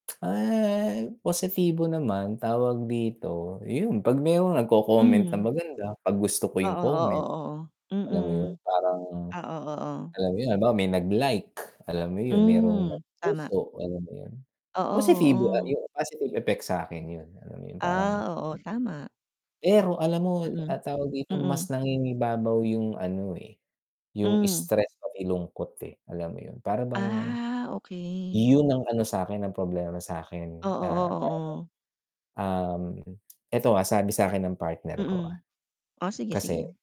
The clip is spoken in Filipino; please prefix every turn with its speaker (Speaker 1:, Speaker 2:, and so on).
Speaker 1: Ah, positibo naman, tawag dito yun, 'pag meron nagco-comment na
Speaker 2: Mhm.
Speaker 1: maganda, pag gusto ko
Speaker 2: Oo,
Speaker 1: yung
Speaker 2: oo,
Speaker 1: comment.
Speaker 2: oo,
Speaker 1: Alam mo yun,
Speaker 2: mm.
Speaker 1: parang
Speaker 2: Ah, oo, oh.
Speaker 1: alam mo yun, halimbawa may nag-like, alam mo yun, merong
Speaker 2: Mhm, tama.
Speaker 1: nagpuso alam mo yun,
Speaker 2: Oo
Speaker 1: positibo a
Speaker 2: oo.
Speaker 1: yung positive effects sa'kin yun, alam mo yun parang
Speaker 2: Ah, oo, tama.
Speaker 1: Pero alam mo
Speaker 2: Mm
Speaker 1: ah, tawag dito
Speaker 2: mm.
Speaker 1: mas nangingibabaw yung ano, eh, yung
Speaker 2: Hmm.
Speaker 1: stress pati lungkot, eh, alam mo yun. Para bang,
Speaker 2: Ah, okey.
Speaker 1: yun ang ano sa'kin ang problema
Speaker 2: Oo,
Speaker 1: sa'kin, ah,
Speaker 2: oo,
Speaker 1: tawag
Speaker 2: oh.
Speaker 1: dun, um, eto, ah, sabi sa'kin ng partner ko, ah.
Speaker 2: Mm. O sige,
Speaker 1: Kasi
Speaker 2: sige.